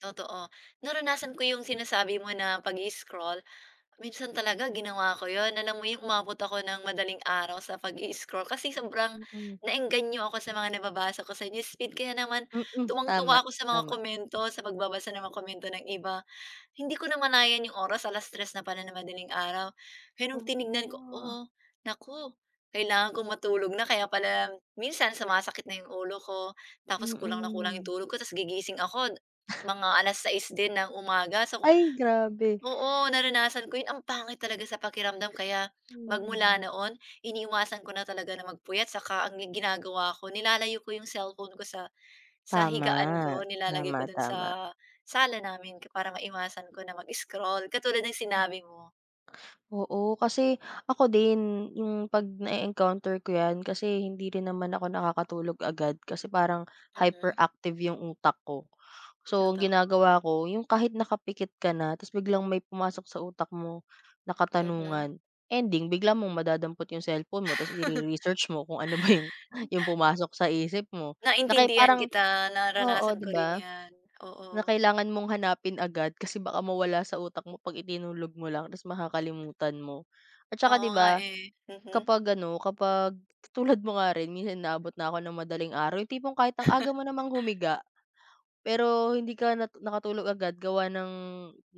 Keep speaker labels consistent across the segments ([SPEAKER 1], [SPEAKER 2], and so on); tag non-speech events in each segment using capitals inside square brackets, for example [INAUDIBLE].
[SPEAKER 1] Totoo. Naranasan ko 'yong sinasabi mo na pag-i-scroll, minsan talaga ginawa ko 'yon, alam mo 'yong umabot ako ng madaling araw sa pag-i-scroll, kasi sobrang
[SPEAKER 2] Mm.
[SPEAKER 1] na-engganyo ako sa mga nababasa ko sa newsfeed, kaya naman,
[SPEAKER 2] Mm. Tama,
[SPEAKER 1] tuwang-tuwa ako sa mga
[SPEAKER 2] tama.
[SPEAKER 1] komento, sa pagbabasa ng mga komento ng iba. Hindi ko namalayan 'yong oras, 3:00 na pala ng madaling araw. Kaya nong
[SPEAKER 2] Oo,
[SPEAKER 1] tinignan ko,
[SPEAKER 2] nga.
[SPEAKER 1] "Oh, naku, kailangan kong matulog na." Kaya pala minsan sumasakit na 'yong ulo ko, tapos kulang na kulang 'yong
[SPEAKER 2] Mm.
[SPEAKER 1] tulog ko, tapos gigising ako mga 6:00 din ng umaga, so
[SPEAKER 2] Ay, grabe.
[SPEAKER 1] ku oo, naranasan ko 'yon, ang pangit talaga sa pakiramdam kaya magmula
[SPEAKER 2] Mm.
[SPEAKER 1] noon iniiwasan ko na talaga na magpuyat, saka ang ginagawa ko, nilalayo ko 'yong cellphone ko sa sa
[SPEAKER 2] Tama.
[SPEAKER 1] higaan ko, nilalagay ko do'n
[SPEAKER 2] Tama-tama.
[SPEAKER 1] sa, sala namin para maiwasan ko na mag-scroll, katulad ng sinabi mo.
[SPEAKER 2] Oo, kasi, ako din, yung 'pag na-eencounter ko yan, kasi hindi rin naman ako nakakatulog agad, kasi parang,
[SPEAKER 1] Mhm.
[SPEAKER 2] hyperactive yung utak ko. So ang
[SPEAKER 1] Totoo.
[SPEAKER 2] ginagawa ko yung kahit nakapikit ka na, tapos biglang may pumasok sa utak mo na
[SPEAKER 1] Mhm.
[SPEAKER 2] katanungan, ending bigla mong madadampot yung cellphone mo, tapos i-re-research mo kung ano ba yung yung
[SPEAKER 1] [CHUCKLES]
[SPEAKER 2] pumasok sa isip mo. Na kaya
[SPEAKER 1] Naintindihan
[SPEAKER 2] parang
[SPEAKER 1] kita,
[SPEAKER 2] oo,
[SPEAKER 1] naranasan
[SPEAKER 2] 'di
[SPEAKER 1] ko rin
[SPEAKER 2] ba?
[SPEAKER 1] yan,
[SPEAKER 2] Na
[SPEAKER 1] oo.
[SPEAKER 2] kailangan mong hanapin agad kasi baka mawala sa utak mo 'pag itinulog mo lang tapos makakalimutan mo. At tsaka
[SPEAKER 1] Oo
[SPEAKER 2] 'di
[SPEAKER 1] nga,
[SPEAKER 2] ba?
[SPEAKER 1] eh. Mhm.
[SPEAKER 2] Kapag ano, kapag tulad mo nga rin minsan inaabot na ako ng madaling araw yung tipong kahit ang aga
[SPEAKER 1] [CHUCKLES]
[SPEAKER 2] mo namang humiga, pero hindi ka natu nakatulog agad gawa ng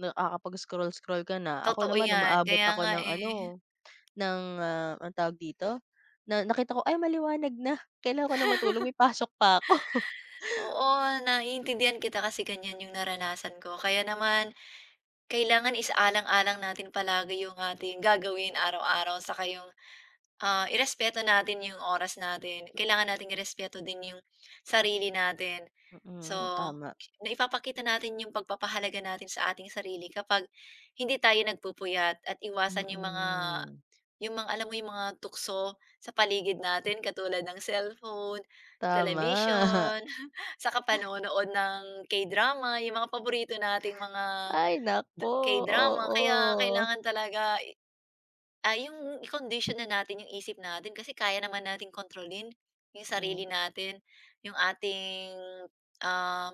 [SPEAKER 2] nakakapag-scroll-scroll ka na, ako
[SPEAKER 1] Totoo
[SPEAKER 2] naman
[SPEAKER 1] yan.
[SPEAKER 2] umaabot
[SPEAKER 1] Kaya
[SPEAKER 2] ako
[SPEAKER 1] nga,
[SPEAKER 2] ng
[SPEAKER 1] eh.
[SPEAKER 2] ano, ng, ah, anong tawag dito? Na nakita ko, "Ay maliwanag na, kailan ko na matulog,
[SPEAKER 1] [CHUCKLES]
[SPEAKER 2] may pasok pa ako." [CHUCKLES]
[SPEAKER 1] Oo, naiintindihan kita, kasi ganyan 'yong naranasan ko kaya naman, kailangan isa-alang-alang natin palagi 'yong ating gagawin araw-araw saka 'yong, ah, i-respeto natin 'yong oras natin, kailangan natin i-respeto din 'yong sarili natin. So,
[SPEAKER 2] Mm, tama.
[SPEAKER 1] naipapakita natin 'yong pagpapahalaga natin sa ating sarili kapag hindi tayo nagpupuyat, at iwasan 'yong mga
[SPEAKER 2] Mm.
[SPEAKER 1] 'yong mga, alam mo 'yong mga tukso sa paligid natin katulad ng cellphone,
[SPEAKER 2] Tama.
[SPEAKER 1] telebisyon, [CHUCKLES] 'tsaka
[SPEAKER 2] [CHUCKLES]
[SPEAKER 1] panonood ng K-drama, yung mga paborito nating mga
[SPEAKER 2] Ay naku.
[SPEAKER 1] K-drama kaya,
[SPEAKER 2] Oo.
[SPEAKER 1] kailangan talaga i ah, 'yong i-condition na natin 'yong isip natin, kasi kaya naman nating kontrolin, 'yong sarili
[SPEAKER 2] Mm.
[SPEAKER 1] natin, 'yong ating, um,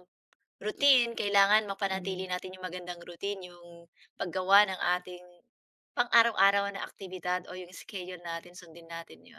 [SPEAKER 1] routine, kailangan mapanatili
[SPEAKER 2] Mm.
[SPEAKER 1] natin 'yong magandang routine, 'yong pag-gawa ng ating pang-araw-araw na aktibidad o 'yong schedule natin sundin natin 'yon.